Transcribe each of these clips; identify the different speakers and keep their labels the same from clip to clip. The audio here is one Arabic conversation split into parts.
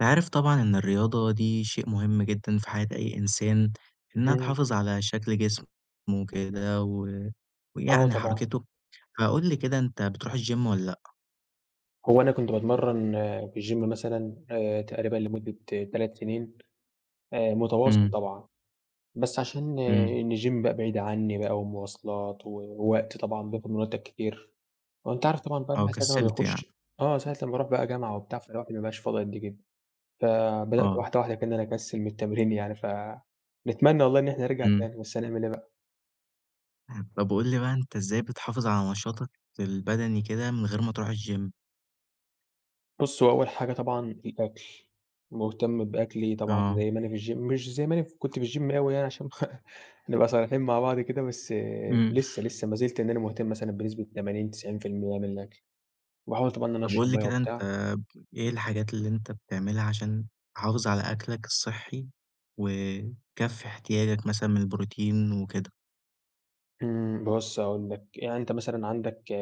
Speaker 1: أنت عارف طبعًا إن الرياضة دي شيء مهم جدًا في حياة أي إنسان، إنها
Speaker 2: إمم.
Speaker 1: تحافظ على شكل جسمه وكده، و
Speaker 2: آه،
Speaker 1: ويعني
Speaker 2: طبعًا.
Speaker 1: حَرَكِته. فقل لي كده، أنتَ بترُوح الGym والَّا لأ؟
Speaker 2: هو أنا كنت باتمرن في الGym مثلًا آآ تقريبًا لمدة 3 سنين آآ متواصل
Speaker 1: إمم.
Speaker 2: طبعًا، بس عشان
Speaker 1: إمم.
Speaker 2: إن الGym بقى بعيد عني بقى، ومواصلات، ووقت طبعًا، بياخد من وقتَك كتير، وأنتَ عارف طبعًا بقى
Speaker 1: أو
Speaker 2: [unintelligible] ساعة ما
Speaker 1: كَسِلت يعني.
Speaker 2: بيخش آه، ساعة لما بأرُوح بقى جامعة وبتاع، فالواحد ما بيبقاش فاضي قد كدة. فبدأت
Speaker 1: آه.
Speaker 2: واحدة واحدة كده إن أنا أكسل من التمرين يعني، ف نتمنى والله إن احنا نرجع
Speaker 1: إمم.
Speaker 2: تاني، بس هنعمل إيه بقى؟
Speaker 1: طيب قُل لي بقى أنتَ إزاي بتحافظ على نشاطَك البدني كده من غير ما ترُوح الGym؟
Speaker 2: بُص هو أول حاجة طبعًا الأكل، مُهتم بأكلي طبعًا
Speaker 1: آه.
Speaker 2: زي ما أنا في الGym مش زي ما أنا ف كنت في الGym أوي يعني، عشان نبقى صريحين مع بعض كده، بس
Speaker 1: إمم.
Speaker 2: لسه لسه مازِلْت إن أنا مُهتم مثلًا بنسبة 80، 90% من الأكل. وباحاول طبعًا إن أنا
Speaker 1: طب
Speaker 2: أشرب
Speaker 1: قُل لي
Speaker 2: مَيَّة
Speaker 1: كده أنتَ
Speaker 2: وبتاع.
Speaker 1: ب إيه الحاجات اللي أنتَ بتعملها عشان تحافظ على أكلَك الصحي، وتكفي إحتياجَك مثلًا من الProtein وكده؟
Speaker 2: إمم، بُص هاقول لك، يعني أنت مثلًا عندك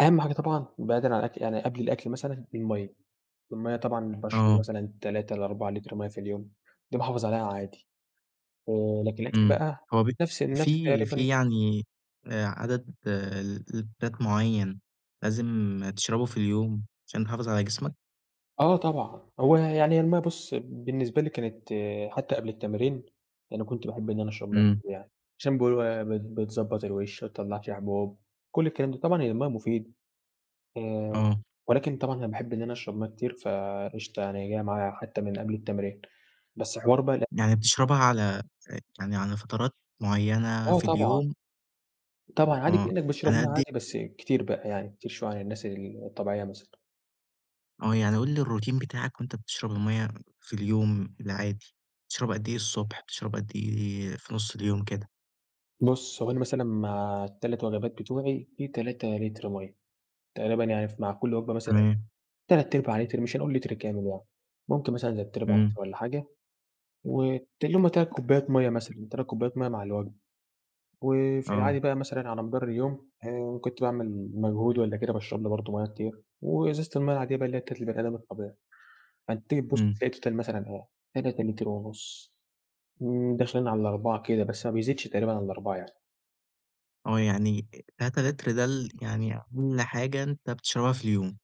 Speaker 2: أهَم حاجة طبعًا بعيدًا عن الأكل يعني قبل الأكل مثلًا، المَيَّة. المَيَّة طبعًا باشرب
Speaker 1: آه.
Speaker 2: مثلًا 3 ل4 لِتْر مَيّة في اليوم، دي باحافظ عليها عادي. آآ لكن الأكل
Speaker 1: إمم.
Speaker 2: بقى
Speaker 1: هو بي
Speaker 2: نَفْس نَفْس
Speaker 1: في
Speaker 2: تقريبًا
Speaker 1: في يعني آآ عدد ل لِتْرات معيّن لازم تشربه في اليوم عشان تحافظ على جسمك؟
Speaker 2: آه طبعًا. هو ي يعني هي المَيّة بُص بالنسبة لي كانت حتّى قبل التمارين يعني كنت باحب إن أنا أشرب مَيّة
Speaker 1: إمم.
Speaker 2: كتير يعني، عشان بيقولوا إيه، ب بتضبّط الوِش ما تطلَّعش حبوب كل الكلام ده طبعًا هي المَيّة مفيدة. آآ
Speaker 1: آه.
Speaker 2: ولكن طبعًا أنا باحب إن أنا أشرب مَيّة كتير فقشطة يعني هي جاية معايا حتّى من قبل التمرين، بس حوار بقى ال
Speaker 1: يعني بتشربها على ع يعني على فترات معيّنة
Speaker 2: آه
Speaker 1: في
Speaker 2: طبعًا.
Speaker 1: اليوم؟
Speaker 2: طبعًا عادي
Speaker 1: آه،
Speaker 2: كإنّك بتشرب
Speaker 1: على
Speaker 2: مَيّة
Speaker 1: قد إيه؟
Speaker 2: عادي بس كتير بقى، يعني كتير شوية عن الناس ال الطبيعية مثلًا.
Speaker 1: آه، يعني قُل لي الروتين بتاعك وأنت بتشرب المَيّة في اليوم العادي بتشرب قد إيه الصبح، بتشرب قد إيه في نُص اليوم كده؟
Speaker 2: بُص، هو أنا مثلًا مع ال3 وجبات بتوعي، في 3 لِتْر مَيَّة، تقريبًا يعني ف مع كل وجبة مثلًا
Speaker 1: تمام.
Speaker 2: تلات أرباع لِتْر مش هنقول لِتْر كامل يعني، ممكن مثلًا تلات أرباع
Speaker 1: إمم.
Speaker 2: لِتْر والّا حاجة وت اللي يوم هم 3 كوبايات مَيّة مثلًا، 3 كوبايات مَيّة مع الوجبة. وفي
Speaker 1: آه.
Speaker 2: العادي بقى مثلًا على مدار اليوم، إن كنت باعمل مجهود والّا كده باشرب لي برضه مَيَّة كتير وإزازة المَيَّة العادية بقى اللي هي بتاعة البني أدم الطبيعي. فأنت تيجي تبُص
Speaker 1: إمم.
Speaker 2: تلاقي الtotal مثلًا إيه، 3 لِتْر ونُص. م داخلين على ال4 كده، بس ما بيزيدش تقريبًا على ال4 يعني.
Speaker 1: آه، يعني آآ 3 لِتْر ده ال يعني أقل حاجة أنت بتشربها في اليوم.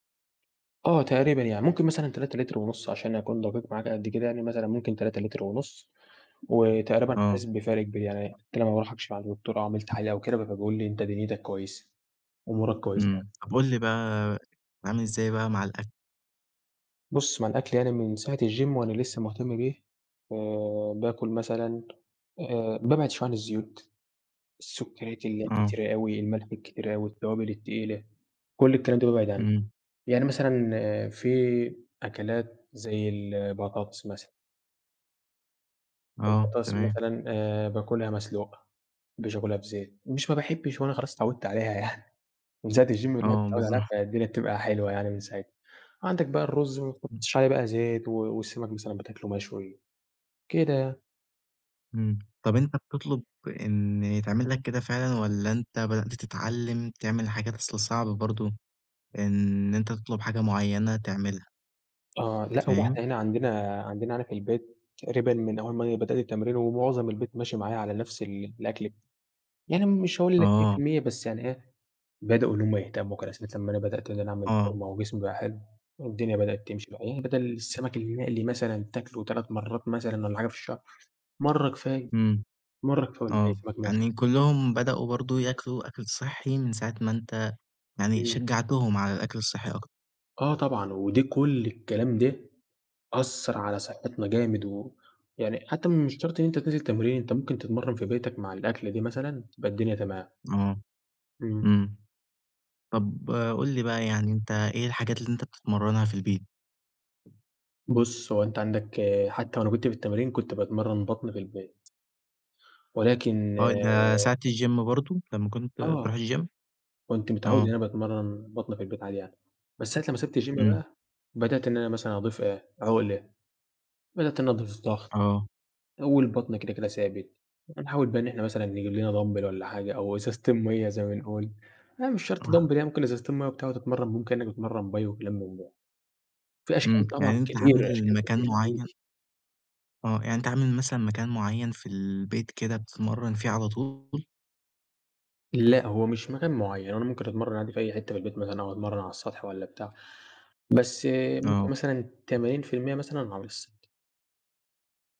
Speaker 2: آه تقريبًا. يعني ممكن مثلًا 3 لِتْر ونُص عشان أكون دَقيق معاك قد كده يعني مثلًا ممكن 3 لِتْر ونُص، وتقريبًا حاسِس
Speaker 1: آه.
Speaker 2: بفَرْق كبير، يعني حتّى لمّا باروح أكشف عند دكتور أو أعمل تحاليل أو كده، فبيقول لي: "أنت دنْيتك كويسة،" أمورك كويسة يعني.
Speaker 1: إمم، طَب قُل لي بقى بتتعامل إزاي بقى مع الأكل؟
Speaker 2: بُص، مع الأكل يعني من ساعة الgym وأنا لسّه مُهتم بيه، آآ باكُل مثلًا آآ بابعِد شوية عن الزيوت، السُكّريات اللي هي
Speaker 1: آه.
Speaker 2: الكتيرة أوي، الملح الكتير أوي، التوابل التقيلة، كل الكلام ده بابعِد عنّه.
Speaker 1: إمم.
Speaker 2: يعني مثلًا في أكلات زي البطاطس مثلًا.
Speaker 1: آه،
Speaker 2: البطاطس
Speaker 1: تمام.
Speaker 2: مثلًا آآ باكُلها مسلوقة، ما أحبّش آكُلها بزيت، مش ما باحبّش هو أنا خلاص اتعوِّدت عليها يعني من ساعة الgym والواحد
Speaker 1: آه
Speaker 2: متعوِّد عليها،
Speaker 1: بالضبط.
Speaker 2: فالدنيا بتبقى حلوة يعني من ساعتها. عندك بقى الرُز ما
Speaker 1: إمم.
Speaker 2: تحُطّش عليه بقى زيت و والسَمَك مثلًا بتاكُله مشوي كده يعني.
Speaker 1: إمم، طَب أنت بتطلُب إن يتعمل لك كده فعلًا والّا أنت بدأت تتعلِّم تعمل حاجات؟ أصل صعبة برضه إن أنت تطلُب حاجة معيّنة تعملها.
Speaker 2: آه، لأ، هو
Speaker 1: فاهم؟
Speaker 2: إحنا هنا عندنا عندنا هنا في البيت تقريبًا من أول ما أنا بدأت التمرين ومعظم البيت ماشي معايا على نَفْس ال الأكل ب يعني مش هاقول لك مِيّة في
Speaker 1: آه.
Speaker 2: المِيّة بس يعني إيه، بدأوا إن هم يهتموا [unintelligible] أمّا أنا بدأت إن أنا أعمل
Speaker 1: آه.
Speaker 2: فورمة وجسمي بقى حلو والدنيا بدأت تمشي. المهم بَدَل السَمَك المقلي مثلًا تاكله 3 مرّات مثلًا والّا حاجة في الشهر، مرّة كفاية.
Speaker 1: إمم.
Speaker 2: مرّة كفاية والباقي
Speaker 1: آه.
Speaker 2: سَمَك مشوي.
Speaker 1: يعني كُلّهم بدأوا برضه ياكلوا أكل صحّي من ساعة ما أنت يعني
Speaker 2: إمم.
Speaker 1: شجّعتهم على الأكل الصحّي أكتر.
Speaker 2: آه طبعًا، ودي كل الكلام ده أثّر على صحِّتنا جامد و يعني حتّى مش شرط إن أنت تنزل تمرين، أنت ممكن تتمرَّن في بيتك مع الأكلة دي مثلًا تبقى الدنيا تمام.
Speaker 1: آه.
Speaker 2: إمم.
Speaker 1: إمم. طَب قُل لي بقى يعني أنت إيه الحاجات اللي أنت بتتمرَّنها في البيت؟
Speaker 2: بُص، هو أنت عندك حتّى وأنا كنت في التمرين، كنت باتمرّن بَطْن في البيت. ولكن
Speaker 1: آه، ده ساعة الgym برضه لمّا كنت
Speaker 2: آه.
Speaker 1: بتروح الgym؟
Speaker 2: كنت متعوِّد إن
Speaker 1: آه.
Speaker 2: أنا باتمرَّن بَطْن في البيت عادي يعني، بس ساعة لمّا سِبت الgym
Speaker 1: إمم.
Speaker 2: بقى، بدأت إن أنا مثلًا أضيف إيه، عُقْلة، بدأت إن أنا أضيف ضَغْط
Speaker 1: آه.
Speaker 2: آآ والبَطْن كده، كده ثابت. فنحاول بقى إن إحنا مثلًا نجيب لنا Dumbbell والَّا حاجة أو إزازتين مَيّة زي ما بنقول، يعني مش شرط Dumbbell
Speaker 1: آه.
Speaker 2: يعني ممكن إزازتين مَيّة وبتاع وتتمرَّن بيهم كإنّك بتتمرَّن Bi وكلام من ده. في أشكال
Speaker 1: إمم،
Speaker 2: طبعًا
Speaker 1: يعني أنت
Speaker 2: كتير،
Speaker 1: عامل
Speaker 2: أشكال كتير
Speaker 1: مكان معيّن
Speaker 2: [unintelligible]
Speaker 1: آه، يعني أنت عامل مثلًا مكان معيّن في البيت كده بتتمرَّن فيه على طول؟
Speaker 2: لأ، هو مش مكان معيّن، هو أنا ممكن أتمرَّن عادي في أي حتّة في البيت مثلًا أو أتمرَّن على السطح والّا بتاع، بس ممكن
Speaker 1: آه.
Speaker 2: مثلًا 80% مثلًا على السطح.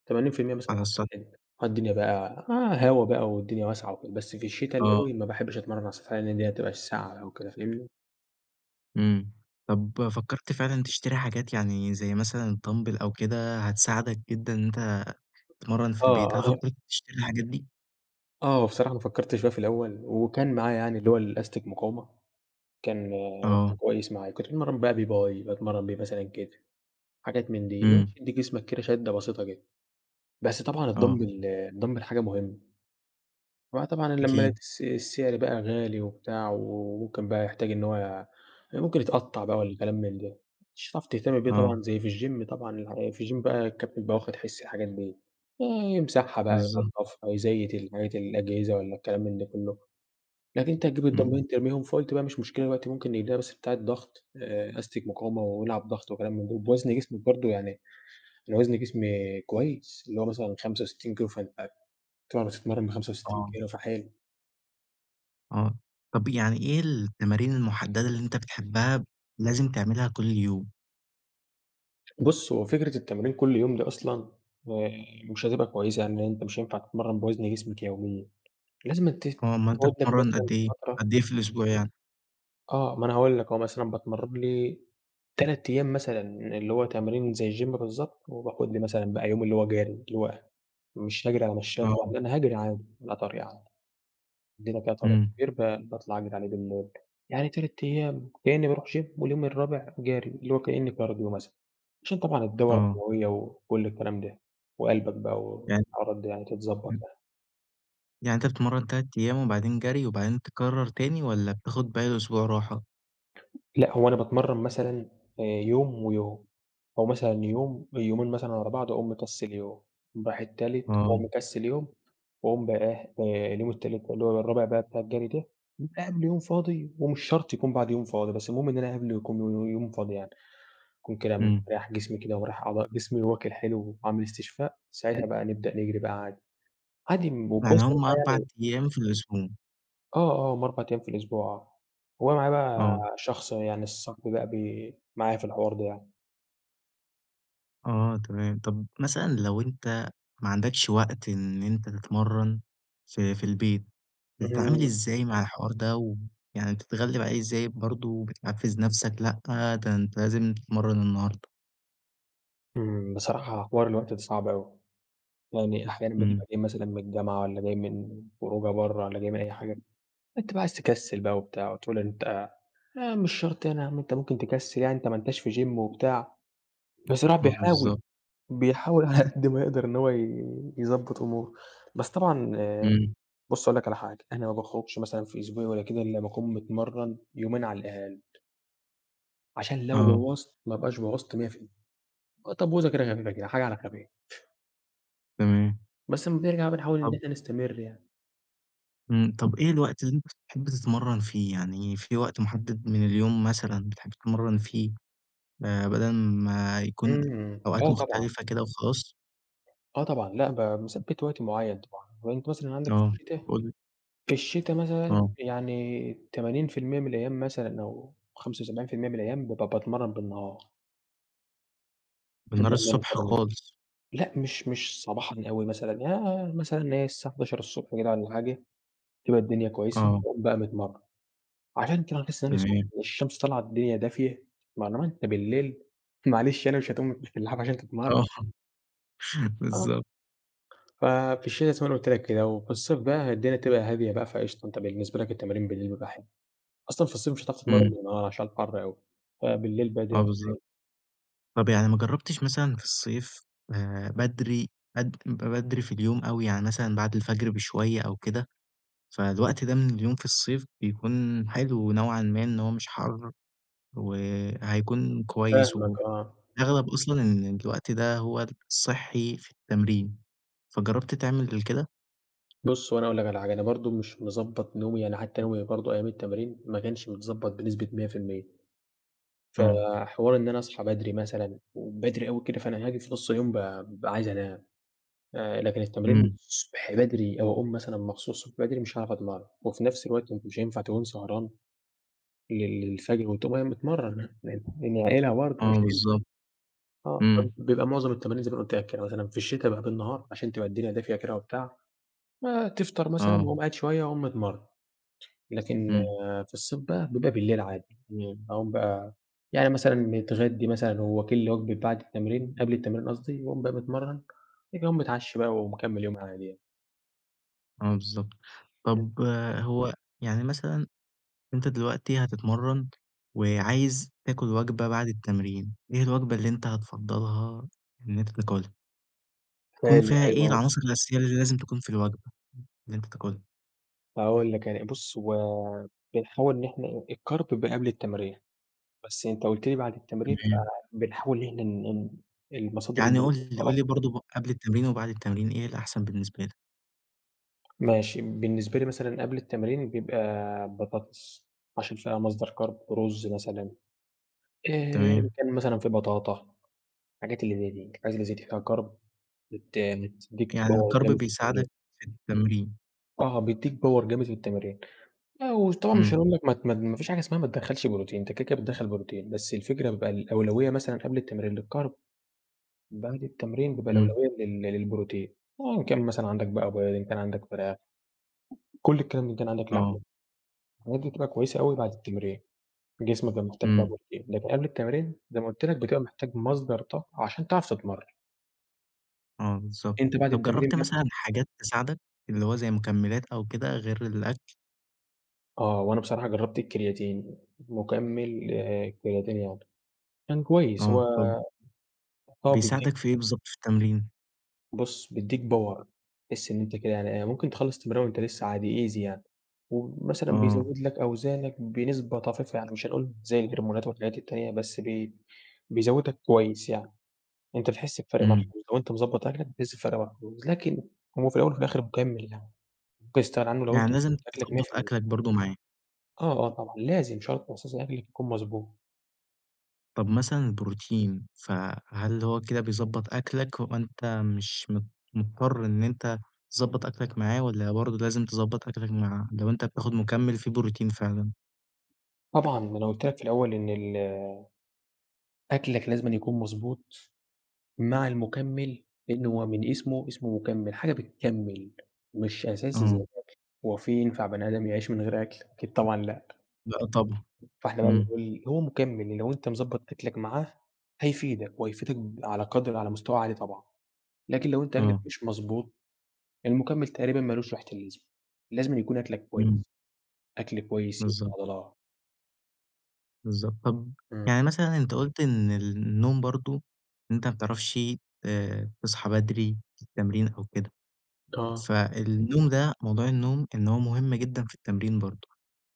Speaker 2: 80% مثلًا
Speaker 1: على
Speaker 2: على
Speaker 1: السطح.
Speaker 2: سطحنا، آه، الدنيا بقى هوا بقى، والدنيا واسعة وكده، بس في الشتا الأوي
Speaker 1: آه.
Speaker 2: ما باحبش أتمرن على سطحنا، لأن هتبقى في الساقعة أو كده، فاهمني؟
Speaker 1: إمم، طب فكرت فعلًا تشتري حاجات يعني، زي مثلًا الدامبل أو كده؟ هتساعدَك جدًا إن أنتَ تتمرن في البيت، هل
Speaker 2: آه.
Speaker 1: فكرت تشتري الحاجات دي؟
Speaker 2: آه، هو بصراحة أنا فكرت فيها في الأول، وكان معايا يعني اللي هو الأستك مقاومة، كان
Speaker 1: آه.
Speaker 2: كويس معايا، كنت باتمرن بقى بيه باي باتمرن بيه مثلًا كتف، حاجات من دي، اللي هو
Speaker 1: إمم.
Speaker 2: تدّي جسمَك كده شدَّة بسيطة كده، بس طبعًا
Speaker 1: آه.
Speaker 2: الدامبل، الدامبل حاجة مهمة، هو طبعًا لما
Speaker 1: أكيد.
Speaker 2: الس السعر بقى غالي وبتاع، وممكن بقى يحتاج إن هو يع ممكن يتقطع بقى والكلام من ده، مش هتعرف تهتم بيه
Speaker 1: آه.
Speaker 2: طبعًا زي في الGYM طبعًا في الGYM بقى الكابتن بيبقى واخد حِس الحاجات دي، يمسحها بقى،
Speaker 1: بالضبط.
Speaker 2: ينضّفها، يزيّت الحاجات، الأجهزة والّا الكلام من ده كله، لكن أنتَ هتجيب
Speaker 1: إمم.
Speaker 2: الدامبلين ترميهم، فقولت بقى مش مشكلة، دلوقتي ممكن نجيب لنا بس بتاعة ضغط، آآ أستك مقاومة، والعب ضغط وكلام من ده، وبوزن جسمَك برضه، يعني أنا وزن جسمي كويس، اللي هو مثلًا 65 كيلو، [unintelligible] طبعًا بتتمرن ب65
Speaker 1: آه.
Speaker 2: كيلو، فحلو.
Speaker 1: آه. طَب يعني إيه التمارين المُحدّدة اللي أنت بتحبّها لازم تعملها كلّ يوم؟
Speaker 2: بُصّ، هو فكرة التمرين كلّ يوم دي أصلًا آآ مش هتبقى كويسة، يعني أنت مش هينفع تتمرّن بوَزن جسمك يوميًا. لازمًا ت
Speaker 1: آه. أومال أنت
Speaker 2: تقعُد لك
Speaker 1: بتتمرّن
Speaker 2: مثلًا
Speaker 1: قد إيه؟
Speaker 2: فترة.
Speaker 1: قد ايه في الإسبوع يعني؟
Speaker 2: آه، ما أنا هاقول لك أهو، مثلًا باتمرّن لي 3 أيام مثلًا، اللي هو تمرين زي الgym بالضبط وباخد لي مثلًا بقى يوم اللي هو جَري، اللي هو مش هاجرِي على مشايّة طبعًا،
Speaker 1: آه.
Speaker 2: لأ أنا هاجري عادي على طريق عادي، عندنا كده طريق
Speaker 1: إمم.
Speaker 2: كبير ب باطلَع أجري عليه بالليل يعني 3 أيام كإنّي بارُوح gym واليوم الرابع جَري، اللي هو كأن cardio مثلًا عشان طبعًا الدورة
Speaker 1: آه.
Speaker 2: الدمويّة وكلّ الكلام ده وقلْبك بقى
Speaker 1: يعني
Speaker 2: والحوارات دي يعني تتضبَط
Speaker 1: إمم.
Speaker 2: يعني.
Speaker 1: يعني أنت بتتمرّن 3 أيام وبعدين جَري وبعدين تكرّر تاني والّا بتاخد باقي الأسبوع راحة؟
Speaker 2: لأ، هو أنا باتمرّن مثلًا آآ يوم ويوم أو مثلًا يوم يومين مثلًا ورا بعْض وأقوم مكسّل يوم. أقوم رايح التالت وأقوم
Speaker 1: آه.
Speaker 2: مكسّل يوم وأقوم بقى إيه، آآ اليوم التالت اللي هو الرابع بقى بتاع الجَري ده. بيبقى قبْله يوم فاضي ومش شرْط يكون بعده يوم فاضي، بس المهم إن انا قبْله يكون ي ي يوم فاضي يعني. يكون كده
Speaker 1: إمم.
Speaker 2: مرتاح جسمي كده، مريّح أعضاء جسمي وآكْل حلو وعامل استشفاء، ساعتها بقى نبدأ نجرِي بقى عادي، عادي
Speaker 1: يعني
Speaker 2: وكويس إن أنت
Speaker 1: هم 4
Speaker 2: يعني
Speaker 1: أيام في الأسبوع.
Speaker 2: آه، آه، هم 4 أيام في الأسبوع آه. هو معايا بقى
Speaker 1: آه.
Speaker 2: شخص يعني صاحبي بقى بي معايا في الحوار ده يعني.
Speaker 1: آه تمام، طَب مثلًا لو أنت ما عندكش وقت إن أنت تتمرَّن في في البيت، بتتعامل
Speaker 2: إمم.
Speaker 1: إزاي مع الحوار ده ويعني بتتغلِّب عليه إزاي برضه وبتحفِّز نَفْسك لأ، ده أنت لازم تتمرَّن النهاردة؟
Speaker 2: إمم، بصراحة حوار الوقت ده صعب أوي. يعني أحيانًا
Speaker 1: إمم.
Speaker 2: بتبقى جاي مثلًا من الجامعة والّا جاي من خروجة برّه والّا جاي من أي حاجة، أنت بقى عايز تكسِّل بقى وبتاع وتقول أنت يعني مش شرط يعني أنت ممكن تكسِّل يعني أنت ما أنتاش في gym وبتاع، بس الواحد
Speaker 1: آه
Speaker 2: بيحاول،
Speaker 1: بالضبط.
Speaker 2: بيحاول على قد ما يقدر إن هو ي يضبّط أموره. بس طبعًا
Speaker 1: إمم.
Speaker 2: بُص هاقول لك على حاجة، أنا ما باخرُجش مثلًا في أسبوعي والّا كده إلّا ما أكون متمرَّن يومين على الأقل. عشان لو
Speaker 1: آه.
Speaker 2: بوَّظت ما أبقاش بوَّظت 100 في ال آآ تبويظة كده خفيفة كده، حاجة على خفيف.
Speaker 1: تمام.
Speaker 2: بس أمّا بنرجع بنحاول إن
Speaker 1: طَب
Speaker 2: إحنا نستمر يعني.
Speaker 1: إمم. طَب إيه الوقت اللي أنت بتحب تتمرَّن فيه؟ يعني في وقت مُحدِّد من اليوم مثلًا بتحب تتمرَّن فيه، آآ بَدَل ما يكون
Speaker 2: إمم،
Speaker 1: أوقات
Speaker 2: آه طبعًا.
Speaker 1: مختلفة كده وخلاص؟
Speaker 2: آه طبعًا لأ ب مثبّت وقت معيّن طبعًا، أهو أنت مثلًا عنَدك في
Speaker 1: آه
Speaker 2: الشتا
Speaker 1: قُل لي.
Speaker 2: في الشتا مثلًا
Speaker 1: آه.
Speaker 2: يعني 80% من الأيام مثلًا أو 75% من الأيام بابقى باتمرّن بالنهار باحب
Speaker 1: بالنهار الصبح
Speaker 2: [unintelligible]
Speaker 1: خالص.
Speaker 2: لأ مش مش صباحًا أوي مثلًا آآ مثلًا اللي هي الساعة 11:00 كده والّا حاجة، بتبقى الدنيا كويسة
Speaker 1: آه.
Speaker 2: باقوم بقى متمرن. عشان كده باحس إن أنا سخن
Speaker 1: تمام.
Speaker 2: والشمس طالعة الدنيا دافية مع الوقت بالليل معلش يعني مش هتقوم من تحت اللحاف عشان
Speaker 1: آه،
Speaker 2: تتمرن. آه.
Speaker 1: بالضبط.
Speaker 2: ف في الشتا زي ما أنا قُلت لك كدهو، في الصيف بقى هي الدنيا بتبقى هادية بقى فقشطة أنت بالنسبة لك التمارين بالليل بيبقي حلو. أصلًا في الصيف مش هتعرف تتمرن
Speaker 1: إمم.
Speaker 2: بالنهار عشان الحر أوي، فبالليل بقى الدنيا
Speaker 1: آه
Speaker 2: بتبقى
Speaker 1: بالضبط.
Speaker 2: حلوة.
Speaker 1: طَب يعني ما جرّبتش مثلًا في الصيف آآ بدري بد ب بدري في اليوم أوي يعني مثلًا بَعد الفجر بشوية أو كده؟ فالوقت ده من اليوم في الصيف بيكون حلو نوعًا ما إن هو مش حَر وهيكون كويس
Speaker 2: فاهمك
Speaker 1: وف
Speaker 2: آه.
Speaker 1: أغلب أصلًا إن الوقت ده هو الصحي في التمرين، فجرّبت تعمل كده؟
Speaker 2: بُص هو أنا هاقول لك على حاجة أنا برضه مش مضبّط نومي يعني حتّى نومي برضه أيام التمارين ما كنش متضبّط بنسبة 100%. ف
Speaker 1: آه.
Speaker 2: حوار إن أنا أصحى بدري مثلًا وبدري أوي كده فأنا هاجي في نُص اليوم بقي بابقى عايز أنام. آآ لكن التمرين
Speaker 1: إمم.
Speaker 2: الصبح بدري أو أقوم مثلًا مخصوص بدري مش هاعرف أتمرّن وفي نَفْس الوقت ما أنت مش هينفع تكون سهران لل للفجر وتقوم قايم متمرن [unintelligible] يعني اعقلها برضه مش
Speaker 1: آه
Speaker 2: هينفع.
Speaker 1: بالضبط.
Speaker 2: آه
Speaker 1: إمم.
Speaker 2: [unintelligible] بيبقى معظم التمارين زي ما أنا قُلت لك كده مثلًا في الشتا بقي بالنهار عشان تبقى الدنيا دافية كده وبتاع. ما تفطر مثلًا
Speaker 1: آه.
Speaker 2: وأقوم قاعد شوية وأقوم متمرن، لكن
Speaker 1: إمم.
Speaker 2: في الصيف بقى بيبقى بالليل عادي امم أقوم بقى يعني مثلًا متغدّي مثلًا وواكل لي وجبة بَعد التمرين قبل التمرين قصدي وأقوم بقى متمرن بَعد كده أقوم متعشي بقى ومكمل يومي عادي يعني.
Speaker 1: آه بالضبط.
Speaker 2: إمم.
Speaker 1: طَب هو يعني مثلًا أنت دلوقتي هتتمرَّن وعايز تاكُل وجبة بعد التمرين، إيه الوجبة اللي أنت هتفضَّلها إن أنت تاكُلها؟ يكون
Speaker 2: حلو،
Speaker 1: فيها
Speaker 2: حلو
Speaker 1: إيه
Speaker 2: أوي.
Speaker 1: العناصر الأساسية اللي لازم تكون في الوجبة اللي أنت تاكُلها؟
Speaker 2: هاقول لك، يعني بُص، هو بنحاول إن إحنا الcarb بيبقى قبل التمرين. بس أنت قُلت لي بعد التمرين
Speaker 1: تمام.
Speaker 2: فبنحاول إن إحنا إن إن المصادر
Speaker 1: يعني قُل
Speaker 2: البروتين
Speaker 1: لي
Speaker 2: تبقى
Speaker 1: قُل لي
Speaker 2: أكتر.
Speaker 1: برضه ب قبل التمرين وبعد التمرين، إيه الأحسن بالنسبة لك؟
Speaker 2: ماشي، بالنسبة لي مثلًا قبل التمرين بيبقى بطاطس عشان فيها مصدر carb رُز مثلًا. آآ إن
Speaker 1: تمام.
Speaker 2: كان مثلًا في بطاطا الحاجات اللي زي دي، الحاجات اللي زي دي فيها carb بت بتدّيك
Speaker 1: يعني
Speaker 2: power
Speaker 1: الcarb
Speaker 2: جامد في التمرين.
Speaker 1: بيساعدك في التمرين.
Speaker 2: آه، بيدّيك power جامد في التمرين. لأ، وطبعًا مش
Speaker 1: إمم.
Speaker 2: هاقول لك ما ت ما ت ما فيش حاجة اسمها ما تدخَّلش بروتين، أنت كده، كده بتدخَّل بروتين، بس الفكرة بيبقى الأولوية مثلًا قبل التمرين للcarb بعد التمرين بيبقى
Speaker 1: إمم.
Speaker 2: الأولوية لل للبروتين. آه إن كان مثلًا عندك بقى بيض، كان عندك فراخ كل الكلام إن كان عندك لحمة،
Speaker 1: آه.
Speaker 2: الحاجات دي بتبقى كويسة أوي بعد التمرين، جسمك بيبقى محتاج بقى
Speaker 1: إمم.
Speaker 2: بروتين. لكن قبل التمرين زي ما قُلت لك، بتبقى محتاج مصدر طاقة عشان تعرف تتمرَّن.
Speaker 1: آه، بالضبط،
Speaker 2: أنت بعد
Speaker 1: طب
Speaker 2: التمرين
Speaker 1: جربت
Speaker 2: [unintelligible]
Speaker 1: مثلًا حاجات تساعدك؟ إللي هو زي مُكملات أو كده غير الأكل؟
Speaker 2: آه، وأنا بصراحة جربت الكرياتين، مُكمل آآ كرياتين يعني كان كويس،
Speaker 1: آه،
Speaker 2: هو
Speaker 1: طب
Speaker 2: آه، بيديك
Speaker 1: بيساعدك في إيه بالضبط في التمرين؟
Speaker 2: بُص بيديك Power تحِسّ إن أنت كده يعني إيه، ممكن تخلص تمرين وأنت لسه عادي Easy يعني، ومثلًا
Speaker 1: آه.
Speaker 2: بيزود لك أوزانك بنسبة طفيفة، يعني مش هنقول زي الهرمونات والحاجات التانية، بس ب بيزودك كويس يعني، أنت بتحِسّ بفرق
Speaker 1: امم.
Speaker 2: ملحوظ لو أنت مضبط أكلك بتحِسّ بفرق ملحوظ، لكن هو في الأول وفي الآخر مُكمل يعني، ممكن تستغنى عنه لو
Speaker 1: يعني
Speaker 2: أنت مضبط
Speaker 1: لازم
Speaker 2: أكلك مِيّة
Speaker 1: تضبّط
Speaker 2: في المِيّة
Speaker 1: أكلك برضه معاه.
Speaker 2: آه، آه طبعًا، لازم شرط أساسي أكلك يكون مضبوط.
Speaker 1: طب مثلًا البروتين، ف هل هو كده بيضبّط أكلك، وأنت مش مض مُضطر إن أنت تضبط أكلك معاه، والًا برضه لازم تضبط أكلك معاه لو أنت بتاخد مكمل فيه بروتين فعلًا؟
Speaker 2: طبعًا ما أنا قُلت لك في الأول إن ال أكلك لازمًا يكون مضبوط، مع المُكمل لإنه هو من اسمه، اسمه مُكَمل، حاجة بتكمل، مش أساسي زي
Speaker 1: آه.
Speaker 2: الأكل، هو في ينفع بني آدم يعيش من غير أكل؟ أكيد طبعًا لأ.
Speaker 1: لأ طبعًا،
Speaker 2: فإحنا بقى
Speaker 1: امم.
Speaker 2: بنقول هو مكمل لو أنت مضبط أكلك معاه هيفيدك، وهيفيدك على قدر على مستوى عالي طبعًا، لكن لو أنت أكلك
Speaker 1: آه.
Speaker 2: مش مضبوط، المُكمل تقريبًا ما لوش ريحة اللازمة، لازمًا يكون أكلك
Speaker 1: امم.
Speaker 2: كويس، أكل كويس يبني
Speaker 1: بالضبط.
Speaker 2: عضلات.
Speaker 1: بالضبط، طب
Speaker 2: امم.
Speaker 1: يعني مثلًا أنت قُلت إن النوم برضه، أنت ما بتعرفشِ آآ تصحى بدري في التمرين أو كده، ف
Speaker 2: آه.
Speaker 1: النوم ده موضوع النوم، إن هو مُهم جدًا في التمرين برضه،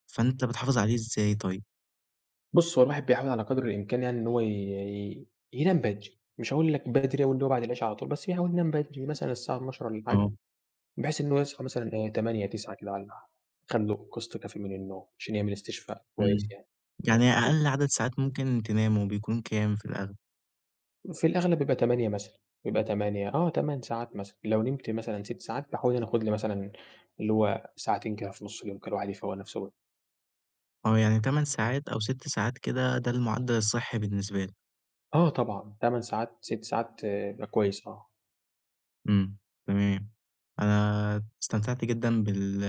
Speaker 1: فأنت بتحافظ عليه إزاي طيب؟
Speaker 2: بُص هو الواحد بيحاول على قدر الإمكان يعني إن هو ي ي ينام بدري، مش هاقول لك بدري أوي إللي هو بعد العشا على طول، بس يحاول ينام بدري، مثلًا الساعة 24:00 والًا حاجة،
Speaker 1: آه.
Speaker 2: بحيث إن هو يصحى مثلًا إيه 08:00 09:00 كده والّا ح خَد لُه قسط كافي من النوم، عشان يعمل استشفاء
Speaker 1: امم،
Speaker 2: كويس يعني،
Speaker 1: يعني
Speaker 2: بس.
Speaker 1: أقل عدد ساعات ممكن تنامه بيكون كام في الأغلب؟
Speaker 2: في الأغلب بيبقى 8 مثلًا، بيبقى 8 آه، 8 ساعات مثلًا، لو نمت مثلًا 6 ساعات، باحاول إن أنا آخُد لي مثلًا اللي هو ساعتين كده في نُصّ اليوم كده الواحد يفَوًق نفسه.
Speaker 1: آه، يعني 8 ساعات أو 6 ساعات كده ده المُعدل الصحي بالنسبه لك.
Speaker 2: آه، طبعًا، 8 ساعات، 6 ساعات يبقى كويس آه.
Speaker 1: امم، تمام، أنا استمتعت جدًا بال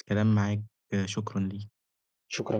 Speaker 1: الكلام معاك، شكرًا ليك.
Speaker 2: شكرًا.